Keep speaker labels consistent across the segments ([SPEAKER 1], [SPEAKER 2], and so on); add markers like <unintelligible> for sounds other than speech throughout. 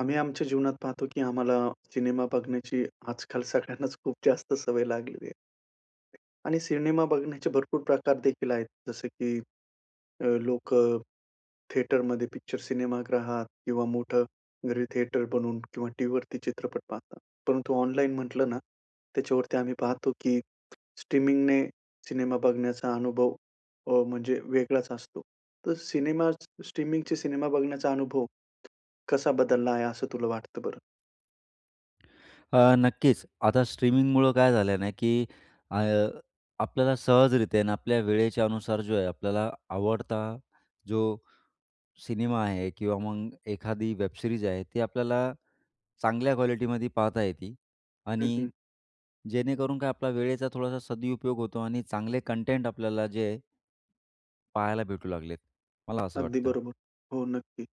[SPEAKER 1] आम्ही आमच्या जीवनात पाहतो की आम्हाला सिनेमा बघण्याची आजकाल सगळ्यांनाच खूप जास्त सवय लागलेली आहे. आणि सिनेमा बघण्याचे भरपूर प्रकार देखील आहेत. जसं की अ, लोकं थिएटरमध्ये पिक्चर, सिनेमागृहात किंवा मोठं घरी थिएटर बनवून किंवा टीव्हीवरती चित्रपट पाहतात. परंतु ऑनलाईन म्हटलं ना, त्याच्यावरती आम्ही पाहतो की स्ट्रीमिंगने सिनेमा बघण्याचा अनुभव अ, म्हणजे वेगळाच असतो. तर सिनेमा स्ट्रीमिंगचे सिनेमा बघण्याचा अनुभव कसा बदलला आहे, असं तुला वाटतं बरं?
[SPEAKER 2] अ, नक्कीच. आता स्ट्रीमिंगमुळं काय झालंय ना? की अ, आपल्याला सहजरित्या आहे ना, आपल्या वेळेच्यानुसार जो आहे, आपल्याला आवडता जो सिनेमा आहे किंवा मग एखादी वेब सिरीज आहे. ती आपल्याला चांगल्या क्वालिटीमध्ये पाहता येती.
[SPEAKER 1] हं,
[SPEAKER 2] आणि
[SPEAKER 1] हं.
[SPEAKER 2] जेणेकरून काय आपला वेळेचा थोडासा सदुपयोग होतो आणि चांगले कंटेंट आपल्याला जे आहेत पाहायला भेटू लागलेत. मला असं
[SPEAKER 1] अगदी
[SPEAKER 2] वाटतं.
[SPEAKER 1] बरोबर. हो, नक्की.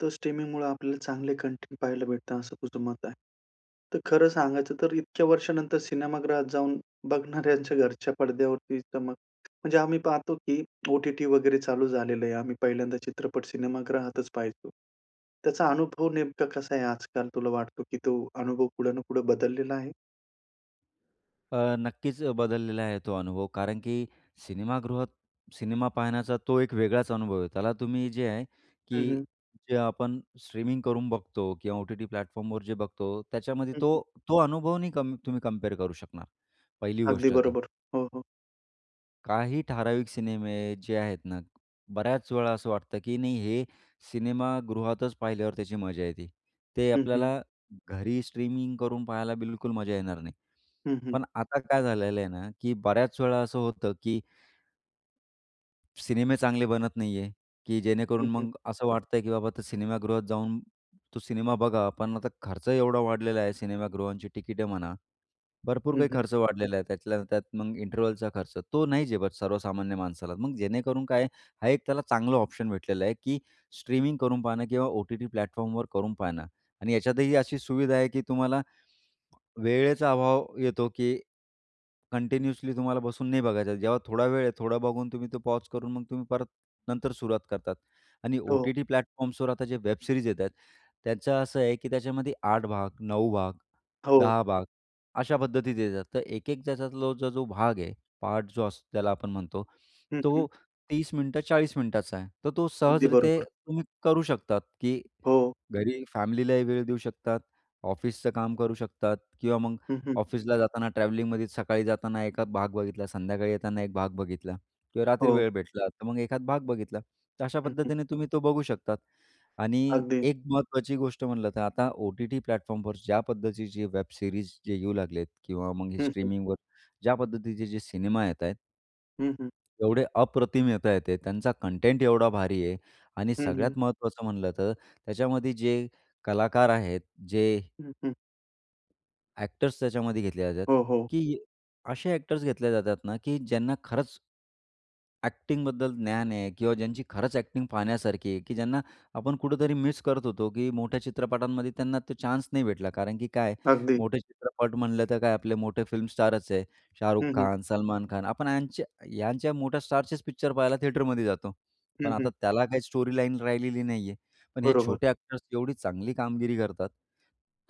[SPEAKER 1] तर स्ट्रीमिंगमुळं आपल्याला चांगले कॉन्टेंट पाहायला भेटतं, असं तुझं मत आहे. तर खरं सांगायचं तर, इतक्या वर्षानंतर सिनेमागृहात जाऊन बघणाऱ्यांच्या घरच्या पडद्यावरती चमक, म्हणजे आम्ही पाहतो की ओ-टी-टी वगैरे चालू झालेलं आहे. आम्ही पहिल्यांदा चित्रपट सिनेमागृहातच पाहायचो. त्याचा अनुभव नेमका कसा आहे आजकाल? तुला वाटतो की तो अनुभव पुढं ना पुढे बदललेला आहे?
[SPEAKER 2] अ, नक्कीच अ, बदललेला आहे तो अनुभव. कारण की सिनेमागृहात, सिनेमा पाहण्याचा तो एक वेगळाच अनुभव आहे. त्याला तुम्ही जे आहे,
[SPEAKER 1] हं,
[SPEAKER 2] की
[SPEAKER 1] हं.
[SPEAKER 2] जे आपण स्ट्रीमिंग करून बघतो किंवा ओ-टी-टी प्लॅटफॉर्मवर जे बघतो, त्याच्यामध्ये
[SPEAKER 1] हं,
[SPEAKER 2] तो
[SPEAKER 1] हं.
[SPEAKER 2] तो अनुभव नाही क तुम्ही कंपेअर करू शकणार पहिली
[SPEAKER 1] अगदी
[SPEAKER 2] गोष्ट तर.
[SPEAKER 1] बरोबर. हो, हो.
[SPEAKER 2] काही ठराविक सिनेमे आहे जे आहेत ना. बऱ्याच वेळा असं वाटतं, की नाही हे सिनेमागृहातच पाहिल्यावर त्याची मजा येते. ते
[SPEAKER 1] हं, हं.
[SPEAKER 2] आपल्याला घरी स्ट्रीमिंग करून पाहायला बिलकुल मजा येणार नाही.
[SPEAKER 1] हं, हं.
[SPEAKER 2] पण आता काय झालेलं आहे ना, की बऱ्याच वेळा असं होतं की सिनेमे चांगले बनत नाही आहे, की
[SPEAKER 1] हं,
[SPEAKER 2] जेणेकरून
[SPEAKER 1] हं.
[SPEAKER 2] मग असं वाटतं आहे, की बाबा आता सिनेमागृहात जाऊन तू सिनेमा बघावा. पण आता खर्च एवढा वाढलेला आहे, सिनेमागृहांची तिकिटे म्हणा, भरपूर
[SPEAKER 1] हं,
[SPEAKER 2] काही
[SPEAKER 1] हं.
[SPEAKER 2] खर्च वाढलेला आहे. त्यातल्या त्यात मग इंटरवलचा खर्च. तो नाही झेपत सर्वसामान्य माणसाला. मग जेणेकरून काय, हा एक त्याला चांगलं ऑप्शन भेटलेलं आहे, की स्ट्रीमिंग करून पाहणं किंवा ओ-टी-टी प्लॅटफॉर्मवर करून पाहणं. आणि याच्यातही अशी सुविधा आहे, की तुम्हाला वेळेचा अभाव येतो, की कंटिन्यूअसली तुम्हाला बसून नाही बघायचा. जेव्हा थोडा वेळ आहे. थोडा बघून तुम्ही तो पॉज करून मग तुम्ही परत नंतर सुरुवात करतात. आणि
[SPEAKER 1] हो.
[SPEAKER 2] ओ-टी-टी प्लॅटफॉर्म्सवर आता जे वेब सिरीज येत आहेत, त्याचं असं आहे की त्याच्यामध्ये 8 भाग, 9 भाग,
[SPEAKER 1] हो.
[SPEAKER 2] 10 भाग अशा पद्धतीत येतात. तर एक-एक त्याच्यातला जो भाग आहे, पार्ट जो असतो ज्याला आपण म्हणतो,
[SPEAKER 1] हं, हं.
[SPEAKER 2] तो 30 मिनिटं, 40 मिनिटाचा आहे. तर तो
[SPEAKER 1] अगदी
[SPEAKER 2] सहजरीत्या
[SPEAKER 1] बरोबर.
[SPEAKER 2] तुम्ही करू शकतात, की
[SPEAKER 1] हो.
[SPEAKER 2] घरी फॅमिलीलाही वेळ देऊ शकतात, ऑफिसचं काम करू शकतात किंवा मग
[SPEAKER 1] हं, हं.
[SPEAKER 2] ऑफिसला जाताना ट्रॅव्हलिंगमध्ये सकाळी जाताना एखाद भाग बघितला. संध्याकाळी येताना एक भाग बघितला किंवा रात्री
[SPEAKER 1] हो.
[SPEAKER 2] वेळ भेटला, तर मग एखाद भाग बघितला. तर अशा
[SPEAKER 1] हं, हं.
[SPEAKER 2] पद्धतीने तुम्ही तो बघू शकतात. आणि
[SPEAKER 1] अगदी.
[SPEAKER 2] एक महत्त्वाची गोष्ट म्हटलं तर आता ओ-टी-टी प्लॅटफॉर्मवर ज्या पद्धतीचे वेब सीरीज जे येऊ लागले आहेत किंवा मग हे
[SPEAKER 1] हं, हं.
[SPEAKER 2] स्ट्रीमिंगवर ज्या पद्धतीचे जे सिनेमा येत आहेत
[SPEAKER 1] हं, हं.
[SPEAKER 2] एवढे अप्रतिम येतायेत ते त्यांचा कंटेंट एवढा भारी आहे. आणि
[SPEAKER 1] हं, हं.
[SPEAKER 2] सगळ्यात महत्त्वाचं म्हटलं तर त्याच्यामध्ये जे कलाकार आहेत जे
[SPEAKER 1] हं, हं.
[SPEAKER 2] ॲक्टर्स त्याच्यामध्ये घेतले जातात,
[SPEAKER 1] हो, हो.
[SPEAKER 2] की असे ॲक्टर्स घेतले जातात ना, की ज्यांना खरंच ॲकटिन्गबद्दल ज्ञान आहे. किंवा ज्यांची खरंच ॲकटिन्ग पाहण्यासारखी आहे, की ज्यांना आपण कुठेतरी मिस करत होतो, की मोठ्या चित्रपटांमध्ये त्यांना तो चान्स नाही भेटला, कारण की काय आहे,
[SPEAKER 1] अगदी.
[SPEAKER 2] मोठे चित्रपट म्हटलं तर काय आपले मोठे फिल्मस्टारच आहे. शाहरुख
[SPEAKER 1] हं, हं.
[SPEAKER 2] खान, सलमान खान आपण यांच यांच्या मोठ्या स्टारचेच पिक्चर पाहायला थिएटरमध्ये जातो.
[SPEAKER 1] हं,
[SPEAKER 2] पण आता
[SPEAKER 1] हं.
[SPEAKER 2] त्याला काही स्टोरीलाईन राहिलेली नाही आहे. पण हे
[SPEAKER 1] बरोबर.
[SPEAKER 2] छोटे ॲक्टर्स एवढी चांगली कामगिरी करतात.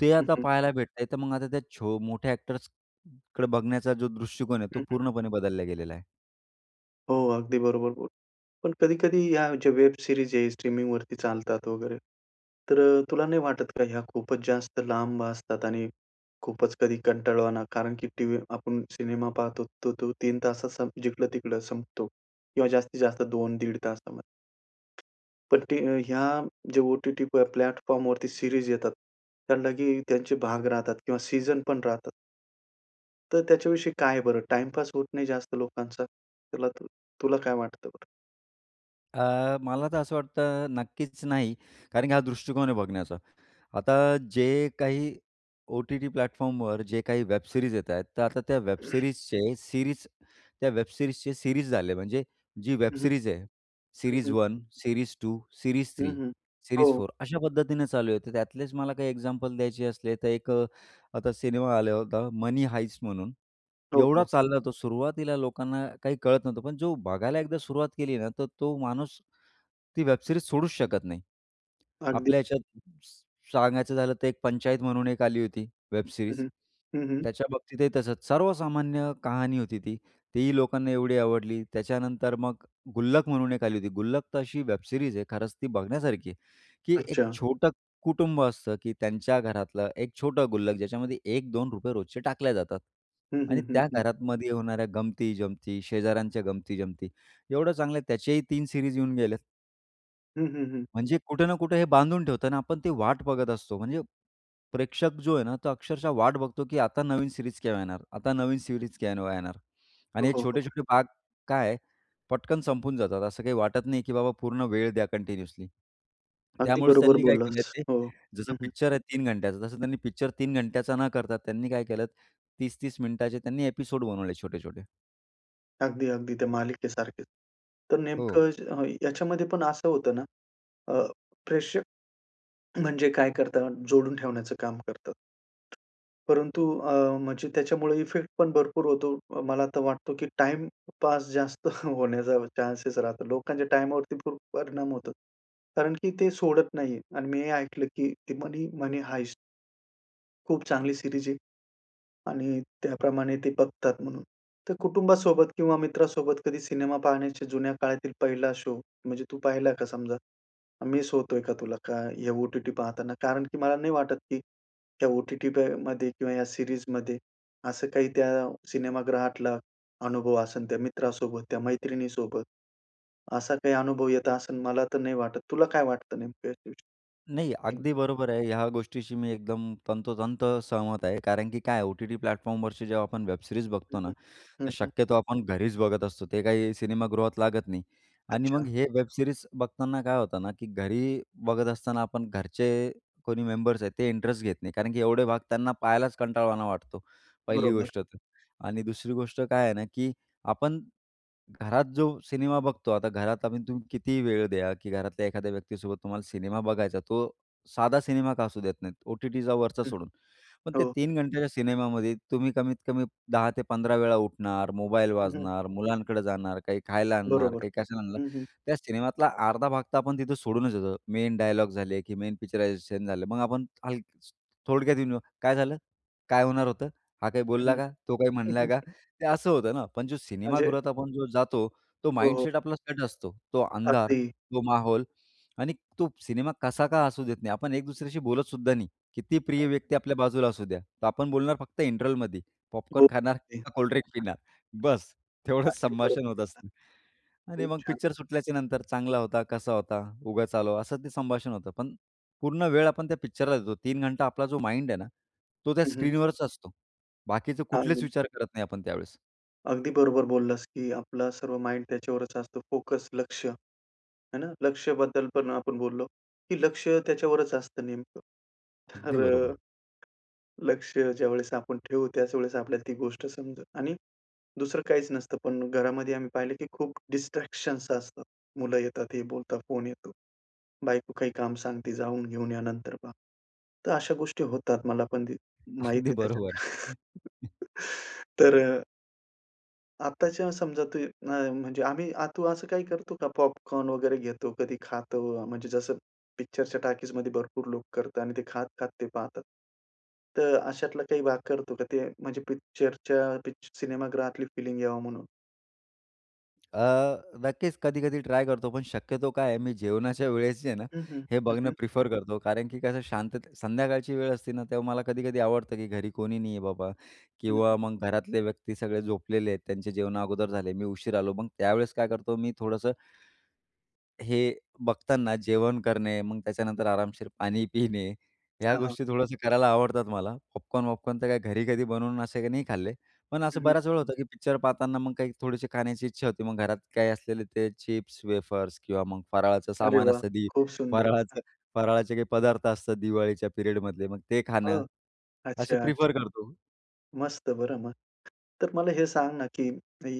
[SPEAKER 2] ते
[SPEAKER 1] हं,
[SPEAKER 2] आता
[SPEAKER 1] हं.
[SPEAKER 2] पाहायला भेटतय, तर मग आता त्या छो मोठ्या ॲक्टर्स कडे बघण्याचा जो दृष्टिकोन आहे, तो
[SPEAKER 1] हं, हं.
[SPEAKER 2] पूर्णपणे बदलला गेलेला आहे.
[SPEAKER 1] हो, अगदी बरोबर बोल पण कधी-कधी या जे वेब सिरीज आहे, स्ट्रीमिंगवरती चालतात वगैरे, तर अ, तुला नाही वाटत का ह्या खूपच जास्त लांब असतात? आणि खूपच कधी कंटाळवाना? कारण की टीव्हीवर आपण सिनेमा पाहतोत तर तो 3 तासात संप जिकडं-तिकडं संपतो. किंवा जास्तीत जास्त 2 दीड तासामध्ये. पण ती अ, ह्या जे ओ-टी-टीवर प्लॅटफॉर्मवरती सिरीज येतात त्याना ही त्यांचे भाग राहतात किंवा सीजन पण राहतात. तर त्याच्याविषयी काय बरं टाइमपास होत नाही जास्त लोकांचा. तुला तर तुला काय वाटतं बरं?
[SPEAKER 2] अ, मला तर असं वाटतं नक्कीच नाही, कारण की हा दृष्टिकोन आहे बघण्याचा. आता जे काही ओ-टी-टी प्लॅटफॉर्मवर जे काही वेब सिरीज येत आहेत, तर आता त्या वेब
[SPEAKER 1] <clears throat>
[SPEAKER 2] सिरीजचे सिरीज त्या वेब सिरीजचे सिरीज झाले, म्हणजे जी वेब
[SPEAKER 1] हं, हं.
[SPEAKER 2] सिरीज आहे,
[SPEAKER 1] हं,
[SPEAKER 2] सिरीज
[SPEAKER 1] हं.
[SPEAKER 2] 1, सिरीज 2, सिरीज
[SPEAKER 1] हं,
[SPEAKER 2] 3,
[SPEAKER 1] हं.
[SPEAKER 2] सिरीज
[SPEAKER 1] हो.
[SPEAKER 2] 4, अशा पद्धतीने चालू आहे. तर त्यातलेच मला काही एक्झाम्पल द्यायचे असले, तर एक अ, आता सिनेमा आला होता Money Heist म्हणून,
[SPEAKER 1] हो,
[SPEAKER 2] एवढा
[SPEAKER 1] हो.
[SPEAKER 2] चालला तो, सुरुवातीला लोकांना काही कळत नव्हतं, पण जो बघायला एकदा सुरुवात केली ना, तर तो माणूस ती वेब सिरीज सोडूच शकत नाही.
[SPEAKER 1] अगदी
[SPEAKER 2] आपल्या ह्याच्यात स सांगायचं झालं तर, एक पंचायत म्हणून एक आली होती वेब सिरीज.
[SPEAKER 1] हं, हं. हं, हं.
[SPEAKER 2] त्याच्याबाबतीतही तसंच. सर्वसामान्य कहाणी होती ती, तीही लोकांना एवढी आवडली. त्याच्यानंतर मग गुल्लक म्हणून एक आली होती. गुल्लक तर अशी वेब सिरीज आहे, खरंच ती बघण्यासारखी आहे, की एक
[SPEAKER 1] अच्छा.
[SPEAKER 2] छोटं कुटुंब असतं, की त्यांच्या घरातलं एक छोटं गुल्लक, ज्याच्यामध्ये ₹1-2 रोजचे टाकल्या जातात
[SPEAKER 1] हं, हं,
[SPEAKER 2] आणि
[SPEAKER 1] हं,
[SPEAKER 2] त्या
[SPEAKER 1] हं.
[SPEAKER 2] घरामध्ये होणाऱ्या गमती, जमती, शेजाऱ्यांच्या गमती-जमती, एवढं चांगलं आहे, त्याचेही 3 सिरीज येऊन गेलेत.
[SPEAKER 1] हं, हं, हं.
[SPEAKER 2] म्हणजे कुठे ना कुठे हे बांधून ठेवतं ना आपण ती वाट बघत असतो. म्हणजे प्रेक्षक जो आहे ना, तो अक्षरशः वाट बघतो की आता नवीन सीरीज केव्हा येणार? आता नवीन सीरीज केव्हा येणार?
[SPEAKER 1] हो,
[SPEAKER 2] आणि हे
[SPEAKER 1] हो, हो.
[SPEAKER 2] छोटे-छोटे भाग काय आहे पटकन संपून जातात. असं काही वाटत नाही, की बाबा पूर्ण वेळ द्या कन्टिन्यूअसली. तर
[SPEAKER 1] अगदी
[SPEAKER 2] त्यामुळेच
[SPEAKER 1] बरोबर
[SPEAKER 2] त्यांनी काय केलंय
[SPEAKER 1] बोललास.
[SPEAKER 2] ते,
[SPEAKER 1] हो.
[SPEAKER 2] जसं
[SPEAKER 1] हं, हं.
[SPEAKER 2] पिक्चर आहे 3 घंट्याचं तसं त्यांनी पिक्चर 3 घंट्याचा न करता, त्यांनी काय केलंत 30-30 मिनिटांचे त्यांनी एपिसोड बनवले छोटे-छोटे.
[SPEAKER 1] अगदी, अगदी. त्या मालिकेसारखेच. तर
[SPEAKER 2] हो.
[SPEAKER 1] नेमकं अ, याच्यामध्ये पण असं होतं ना, अ, प्रेक्षक <clears throat> म्हणजे काय करतात, जोडून ठेवण्याचं काम करतात. परंतु अ, म्हणजे त्याच्यामुळे इफेक्ट पण भरपूर होतो, अ, मला तर वाटतो, की टाइमपास जास्त होण्याचा चान्सेस राहतो. लोकांच्या टाइमावरती खूप परिणाम होतो कारण की ते सोडत नाही. आणि मी हे ऐकलं, की ती Money Money Heist खूप चांगली सीरीज आहे. आणि त्याप्रमाणे ते बघतात म्हणून. तर कुटुंबासोबत किंवा मित्रासोबत कधी सिनेमा पाहण्याच्या जुन्या काळातील पहिला शो म्हणजे तू पाहिला का समजा? अन् मिस होतोय का तुला का हे ओ-टी-टी पाहताना? कारण की मला नाही वाटत, की त्या ओ-टी-टी पे मध्ये किंवा या सीरीजमध्ये असं काही त्या सिनेमागृहातला अनुभव असेल त्या मित्रासोबत, त्या मैत्रिणीसोबत, असा काही अनुभव येत असेल, मला तर नाही वाटत. तुला काय वाटतं नेमकं
[SPEAKER 2] नाही, अगदी
[SPEAKER 1] <unintelligible>
[SPEAKER 2] बरोबर आहे. ह्या गोष्टीशी मी एकदम तंतोतंत सहमत आहे. कारण की काय आहे, ओ-टी-टी प्लॅटफॉर्मवरची जेव्हा आपण वेबसिरीज
[SPEAKER 1] हं,
[SPEAKER 2] बघतो ना,
[SPEAKER 1] हं. हं,
[SPEAKER 2] तर
[SPEAKER 1] हं.
[SPEAKER 2] शक्यतो आपण घरीच बघत असतो. ते काही सिनेमागृहात लागत नाही. आणि मग
[SPEAKER 1] अच्छा.
[SPEAKER 2] हे वेबसिरीज बघताना काय होतं ना. की घरी बघत असताना आपण घरचे कोणी मेंबर्स आहेत ते इंटरेस्ट घेत नाही कारण की एवढे भाग त्यांना पाहायलाच कंटाळवाना वाटतो पहिली
[SPEAKER 1] बरोबर.
[SPEAKER 2] गोष्ट तर. आणि दुसरी गोष्ट काय आहे ना, की आपण घरात जो सिनेमा बघतो, आता घरात आपण तुम्ही कितीही वेळ द्या, की घरातल्या एखाद्या व्यक्तीसोबत तुम्हाला सिनेमा बघायचा. तो साधा
[SPEAKER 1] हं.
[SPEAKER 2] सिनेमा का असू देत नाहीत. ओ-टी-टीचा वरचा
[SPEAKER 1] हं.
[SPEAKER 2] सोडून. पण ते
[SPEAKER 1] हो.
[SPEAKER 2] 3 घंट्याच्या सिनेमामध्ये तुम्ही कमीत-कमी 10 ते 15 वेळा उठणार, मोबाईल
[SPEAKER 1] हं, हं.
[SPEAKER 2] वाजणार, मुलांकडं जाणार, काही खायला आणणार,
[SPEAKER 1] बरोबर.
[SPEAKER 2] काही कशाला आणणार.
[SPEAKER 1] हं, हं.
[SPEAKER 2] त्या सिनेमातला अर्धा भाग तर आपण तिथं सोडूनच येतो. मेन डायलॉग झाले, की मेन पिक्चररायझेशन झालं. मग आपण हल थोडक्यात येऊन <unintelligible> काय झालं? काय होणार होतं? हा काही
[SPEAKER 1] हं.
[SPEAKER 2] बोलला
[SPEAKER 1] हं,
[SPEAKER 2] का? तो काय म्हणला
[SPEAKER 1] हं.
[SPEAKER 2] का? ते असं होतं ना, पण जो
[SPEAKER 1] म्हणजे
[SPEAKER 2] सिनेमागृहात आपण जो जातो, तो
[SPEAKER 1] हो, हो.
[SPEAKER 2] माइंडसेट आपला सेट असतो. तो अंधार,
[SPEAKER 1] अगदी.
[SPEAKER 2] तो माहोल आणि तो सिनेमा कसा का असू देत नाही, आपण एक दुसऱ्याशी बोलत सुद्धा नाही. किती प्रिय
[SPEAKER 1] <unintelligible>
[SPEAKER 2] व्यक्ती आपल्या बाजूला असू द्या. तर आपण बोलणार फक्त इंटरवलमध्ये. पॉपकॉर्न खाणार?
[SPEAKER 1] बरोबर आहे.
[SPEAKER 2] का कोल्डड्रिंक पिणार? बस्स
[SPEAKER 1] अगदी.
[SPEAKER 2] तेवढंच
[SPEAKER 1] अगदी बरोबर
[SPEAKER 2] संभाषण होत
[SPEAKER 1] बोललात.
[SPEAKER 2] असतं. आणि
[SPEAKER 1] खूप
[SPEAKER 2] मग
[SPEAKER 1] छान.
[SPEAKER 2] पिक्चर सुटल्याच्या नंतर चांगला होता, कसा होता, उगाच आलो, असं ते संभाषण होतं. पण पूर्ण वेळ आपण त्या पिक्चरला देतो. 3 घंटा आपला जो माइंड आहे ना, तो त्या
[SPEAKER 1] हं, हं.
[SPEAKER 2] स्क्रीनवरच असतो. बाकीचे कुठलेच
[SPEAKER 1] अगदी.
[SPEAKER 2] विचार करत नाही आपण त्यावेळेस.
[SPEAKER 1] अगदी बरोबर बोललास की आपला सर्व माईंड त्याच्यावरच असतो. फोकस, लक्ष, आहे ना? लक्ष्याबद्दल पण आपण बोललो की लक्ष त्याच्यावरच असतं नेमकं.
[SPEAKER 2] अगदी
[SPEAKER 1] तर
[SPEAKER 2] बरोबर.
[SPEAKER 1] अ, लक्ष ज्यावेळेस आपण ठेवू त्याच वेळेस आपल्याला ती गोष्ट समजेल आणि दुसरं काहीच नसतं. पण घरामध्ये आम्ही पाहिलं की खूप डिस्ट्रॅक्शन असतात. मुलं येतात, हे बोलता, फोन येतो, बायको काही काम सांगते, जाऊन घेऊन या, नंतर पहा. तर अशा गोष्टी होतात, मला पण ते माहीत
[SPEAKER 2] अगदी
[SPEAKER 1] आहे त्याच्यात
[SPEAKER 2] बरोबर.
[SPEAKER 1] <chuckles> तर अ, आत्ताच्या समजा ते आम म्हणजे आम्ही आ तु असं काही करतो का? पॉपकॉर्न वगैरे घेतो, कधी खातो? म्हणजे जसं पिक्चरच्या टॉकीजमध्ये भरपूर लोकं करतात आणि ते खात-खात ते पाहतात. तर अशातला काही भाग करतो का? ते म्हणजे पिक्चरच्या पिक्चर सिनेमागृहातली फीलिंग यावा म्हणून?
[SPEAKER 2] अ, नक्कीच कधी-कधी ट्राय करतो. पण शक्यतो काय आहे, मी जेवणाच्या वेळेस जे आहे ना,
[SPEAKER 1] हं, हं.
[SPEAKER 2] हे
[SPEAKER 1] हं,
[SPEAKER 2] बघणं
[SPEAKER 1] हं.
[SPEAKER 2] प्रिफर करतो. कारण की कसं शांततेत संध्याकाळची वेळ असते ना, तेव्हा मला कधी-कधी आवडतं की घरी कोणी नाही आहे बाबा
[SPEAKER 1] हं, हं.
[SPEAKER 2] किंवा मग घरातले व्यक्ती सगळे झोपलेले आहेत, त्यांचे जेवणं अगोदर झाले, मी उशिरा आलो, मग त्यावेळेस काय करतो मी थोडंसं हे बघताना जेवण करणे, मग त्याच्यानंतर आरामशीर पाणी पिणे ह्या
[SPEAKER 1] हां, हां.
[SPEAKER 2] गोष्टी थोडंसं करायला आवडतात मला. पॉपकॉर्न-वॉपकॉर्न तर काय घरी कधी बनवून असे काही नाही खाल्ले, पण असं
[SPEAKER 1] हं, हं.
[SPEAKER 2] बऱ्याच वेळा होतं की पिक्चर पाहताना मग काही थोडीशी खाण्याची इच्छा होते, मग घरात काही असलेले ते चिप्स-वेफर्स किंवा मग फराळाचं
[SPEAKER 1] अरे
[SPEAKER 2] सामान
[SPEAKER 1] वाह!
[SPEAKER 2] असतं, दि
[SPEAKER 1] खूप सुंदर.
[SPEAKER 2] फराळाचं फराळाचे काही पदार्थ असतात दिवाळीच्या पिरियडमधले, मग ते खाणं,
[SPEAKER 1] हो, अच्छा
[SPEAKER 2] असं प्रिफर
[SPEAKER 1] अच्छा.
[SPEAKER 2] करतो.
[SPEAKER 1] मस्त बरं मग. तर मला हे सांग ना की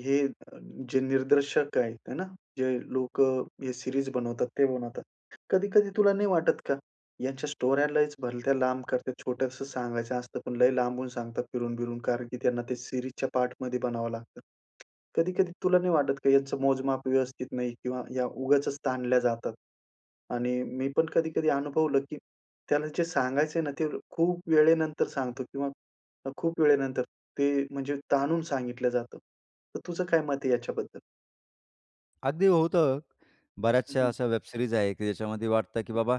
[SPEAKER 1] हे अ, जे निर्दर्शक आहेत हे ना. जे लोकं हे सिरीज बनवतात, ते बनवतात. कधी-कधी तुला नाही वाटत का? ह्यांच्या स्टोऱ्या लईच भलत्या लांब करतात, छोटंसं सांगायचं असतं पण लय लांबवून सांगतात फिरून-फिरून, कारण की त्यांना ते सिरीजच्या पार्टमध्ये बनाव लागतं. कधी-कधी तुला नाही वाटत का यांचं मोजमाप व्यवस्थित नाही किंवा या उगाचच ताणल्या जातात? आणि मी पण कधी-कधी अनुभवलं की त्याला जे सांगायचं आहे ना, ते खूप वेळेनंतर सांगतो किंवा खूप वेळेनंतर ते, म्हणजे ताणून सांगितल्या जातं. तर तुझं काय मत आहे याच्याबद्दल?
[SPEAKER 2] अगदी होतं.
[SPEAKER 1] हं,
[SPEAKER 2] बऱ्याचशा
[SPEAKER 1] हं.
[SPEAKER 2] अशा वेबसिरीज आहे की ज्याच्यामध्ये वाटतं, की बाबा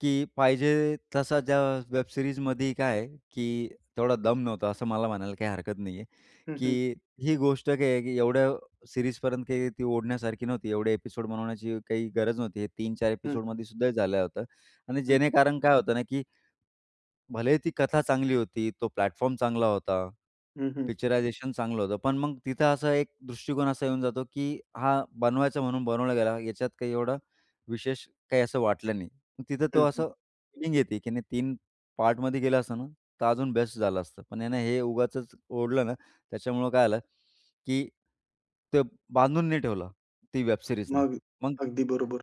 [SPEAKER 2] की पाहिजे तसा ज्या वेबसिरीजमध्ये काय आहे की तेवढा दम नव्हता, असं मला म्हणायला काही हरकत नाही आहे.
[SPEAKER 1] हं, हं.
[SPEAKER 2] की ही गोष्ट काय आहे की एवढ्या सीरीजपर्यंत काही ती ओढण्यासारखी नव्हती. एवढे एपिसोड बनवण्याची काही गरज नव्हती. हे 3-4
[SPEAKER 1] हं.
[SPEAKER 2] एपिसोडमध्ये सुद्धा झालं होतं, आणि
[SPEAKER 1] हं.
[SPEAKER 2] जेणे कारण काय होतं ना, की भलेही ती कथा चांगली होती, तो प्लॅटफॉर्म चांगला होता.
[SPEAKER 1] हं, हं.
[SPEAKER 2] पिक्चरायझेशन चांगलं होतं. पण मग तिथं असा एक दृष्टिकोन असा येऊन जातो, की हा बनवायचा म्हणून बनवल्या गेला, याच्यात काही एवढा विशेष काही असं वाटलं नाही. तिथं तो
[SPEAKER 1] हं, हं.
[SPEAKER 2] असं फीलिंग येते की नाही 3 पार्टमध्ये केलं असतं ना, तर अजून बेस्ट झालं असतं. पण यानं हे उगाचच ओढलं ना, त्याच्यामुळं काय झालं की ते बांधून नाही ठेवलं ती वेब सिरीजने
[SPEAKER 1] मग
[SPEAKER 2] मग
[SPEAKER 1] अगदी बरोबर.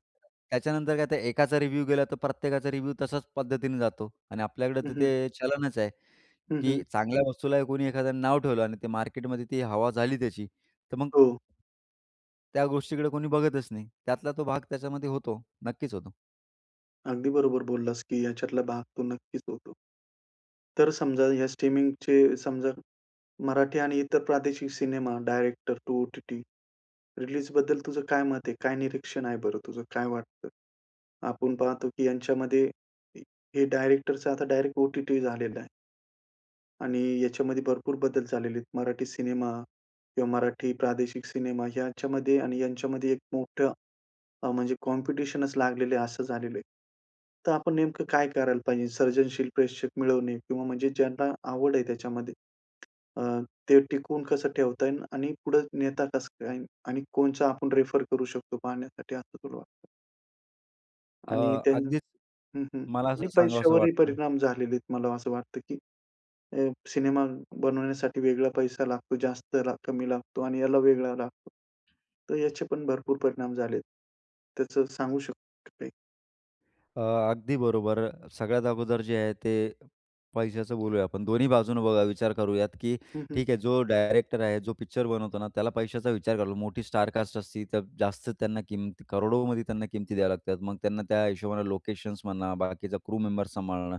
[SPEAKER 2] त्याच्यानंतर काय तर एकाचा रिव्ह्यू गेला तर प्रत्येकाचा रिव्ह्यू तसाच पद्धतीने जातो. आणि आपल्याकडे तर
[SPEAKER 1] हं, हं.
[SPEAKER 2] ते चलनच आहे
[SPEAKER 1] हं,
[SPEAKER 2] की
[SPEAKER 1] हं.
[SPEAKER 2] चांगल्या वस्तूला कोणी एखाद्यानं नाव ठेवलं आणि ते मार्केटमध्ये ती हवा झाली त्याची तर मग
[SPEAKER 1] हो.
[SPEAKER 2] त्या गोष्टीकडे कोणी बघतच नाही. त्यातला तो भाग त्याच्यामध्ये होतो. नक्कीच होतो.
[SPEAKER 1] अगदी बरोबर बोललास की याच्यातला भाग तो नक्कीच होतो. तर समजा ह्या स्ट्रीमिंगचे समजा मराठी आणि इतर प्रादेशिक सिनेमा, डायरेक्टर टू ओ-टी-टी रिलीजबद्दल तुझं काय मत आहे? काय निरीक्षण आहे बरं तुझं? काय वाटतं? आपण पाहतो की यांच्यामध्ये हे डायरेक्टरच आता डायरेक्ट ओ-टी-टी झालेलं आहे. आणि याच्यामध्ये भरपूर बदल झालेले आहेत. मराठी सिनेमा किंवा मराठी प्रादेशिक सिनेमा. याच्यामध्ये आणि यांच्यामध्ये एक मोठं अ, म्हणजे कॉम्पिटिशनच लागलेलं आहे, असं झालेलं आहे. तर आपण नेमकं काय करायला पाहिजे? सर्जनशील प्रेक्षक मिळवणे किंवा म्हणजे ज्यांना आवड आहे त्याच्यामध्ये अ, ते टिकवून कसं ठेवता येईल? आणि पुढे नेता कसं काय येईल? आणि कोणचा आपण रेफर करू शकतो पाहण्यासाठी, असं तुला वाटतं?
[SPEAKER 2] अ,
[SPEAKER 1] आणि त्यानं
[SPEAKER 2] अगदीच
[SPEAKER 1] हं, हं.
[SPEAKER 2] मला
[SPEAKER 1] आणि
[SPEAKER 2] असं सांगावंसं
[SPEAKER 1] पैश्यावरही
[SPEAKER 2] वाटतं.
[SPEAKER 1] परिणाम झालेले आहेत मला असं वाटतं की अ, सिनेमा बनवण्यासाठी वेगळा पैसा लागतो. जास्त लाग कमी लागतो आणि याला वेगळा लागतो. तर याचे पण भरपूर परिणाम झालेत. त्याचं सांगू शकता का काही?
[SPEAKER 2] अ, अगदी बरोबर सगळ्यात अगोदर जे आहे, ते पैशाचं बोलूया आपण. दोन्ही बाजूनं बघा विचार करूयात, की
[SPEAKER 1] हं, हं.
[SPEAKER 2] ठीक आहे जो डायरेक्टर आहे, जो पिक्चर बनवतो ना, त्याला पैशाचा विचार करायला लागतो. मोठी स्टार कास्ट असती, तर जास्त त्यांना किंमत करोडोमध्ये त्यांना किंमत द्याव्या लागतात. मग त्यांना त्या हिशोबानं लोकेशन्स म्हणा, बाकीचा क्रू मेंबर्स सांभाळणं.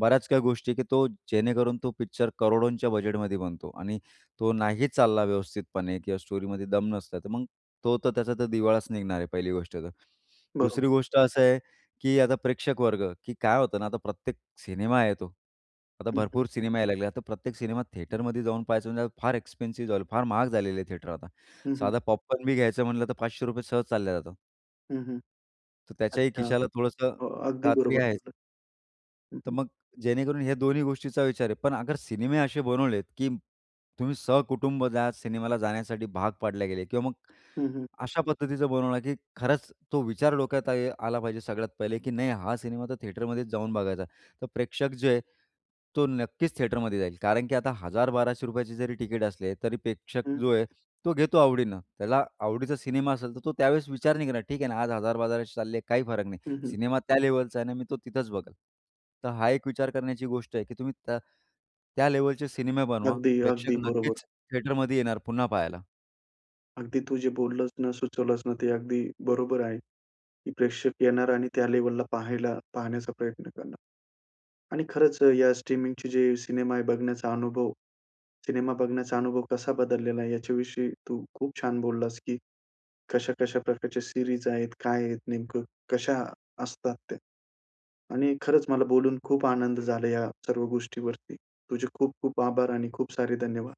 [SPEAKER 2] बऱ्याच काही गोष्टी आहे, की तो जेणेकरून तो पिक्चर करोडोंच्या बजेटमध्ये बनतो आणि तो नाही चालला व्यवस्थितपणे किंवा स्टोरीमध्ये दम नसला. तर मग तो तर त्याचा तर दिवाळाच निघणार आहे पहिली गोष्ट तर.
[SPEAKER 1] बरोबर.
[SPEAKER 2] दुसरी गोष्ट असं आहे की आता प्रेक्षक वर्ग. की काय होतं ना आता प्रत्येक सिनेमा येतो. आता
[SPEAKER 1] हं, हं.
[SPEAKER 2] भरपूर सिनेमा यायला लागले. आता प्रत्येक सिनेमा थिएटरमध्ये जाऊन पाहायचं, म्हणजे फार एक्सपेन्सिव झाल. फार महाग झालेलं आहे थिएटर आता.
[SPEAKER 1] हं, हं.
[SPEAKER 2] साधा पॉपकॉर्न बी घ्यायचं म्हटलं तर ₹500 सहज चालल्या जाता.
[SPEAKER 1] हं, हं.
[SPEAKER 2] तर त्याच्याही
[SPEAKER 1] अच्छा.
[SPEAKER 2] खिशाला थोडंसं
[SPEAKER 1] हो
[SPEAKER 2] अ,
[SPEAKER 1] अगदी
[SPEAKER 2] कात्री
[SPEAKER 1] बरोबर
[SPEAKER 2] आहेच.
[SPEAKER 1] बोललात. हं,
[SPEAKER 2] तर
[SPEAKER 1] हं.
[SPEAKER 2] मग जेणेकरून हे दोन्ही गोष्टींचा विचार आहे. पण अगर सिनेमे असे बनवलेत, की तुम्ही सहकुटुंब जा सिनेमाला जा जाण्यासाठी भाग पाडले गेले किंवा मग
[SPEAKER 1] हं, हं.
[SPEAKER 2] अशा पद्धतीचं बनवलं, की खरंच तो विचार डोक्यात आहे आला पाहिजे सगळ्यात पहिले की नाही हा सिनेमा तर थिएटरमध्येच जाऊन बघायचा. तर प्रेक्षक जे आहे, तो नक्कीच थिएटरमध्ये जाईल. कारण की आता ₹1000-1200 चे जरी टिकट असले, तरी प्रेक्षक
[SPEAKER 1] हं.
[SPEAKER 2] जो आहे, तो घेतो आवडीनं. त्याला आवडीचा सिनेमा असेल, तर तो त्यावेळेस विचार नाही करणार ठीक आहे ना आज ₹1000-1200 चालले काही फरक नाही.
[SPEAKER 1] हं, हं.
[SPEAKER 2] सिनेमा त्या लेव्हलचा आहे ना, मी तो तिथंच बघेल. तर हा एक विचार करण्याची गोष्ट आहे की तुम्ही त त्या लेव्हलचे सिनेमे बनवा. प्रेक्षक
[SPEAKER 1] अगदी-अगदी, बरोबर.
[SPEAKER 2] नक्कीच थिएटरमध्ये येणार, पुन्हा पाहायला.
[SPEAKER 1] अगदी तू जे बोललंस ना, सुचवलंस ना, ते अगदी बरोबर आहे. की प्रेक्षक येणार आणि त्या लेव्हलला पाहायला पाहण्याचा प्रयत्न करणार. आणि खरंच अ, या स्ट्रीमिंगची जी सिनेमा आहे, बघण्याचा अनुभव सिनेमा बघण्याचा अनुभव कसा बदललेला आहे? याच्याविषयी तू खूप छान बोललास की कशा-कशा प्रकारच्या सीरीज आहेत, काय आहेत नेमकं, कशा असतात त्या? आणि खरंच मला बोलून खूप आनंद झाला या सर्व गोष्टीवरती. तुझे खूप खूप आभार आणि खूप सारे धन्यवाद!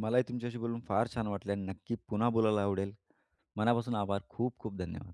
[SPEAKER 2] मलाही तुमच्याशी बोलून फार छान वाटलं आणि नक्की पुन्हा बोलायला आवडेल. मनापासून आभार. खूप खूप धन्यवाद!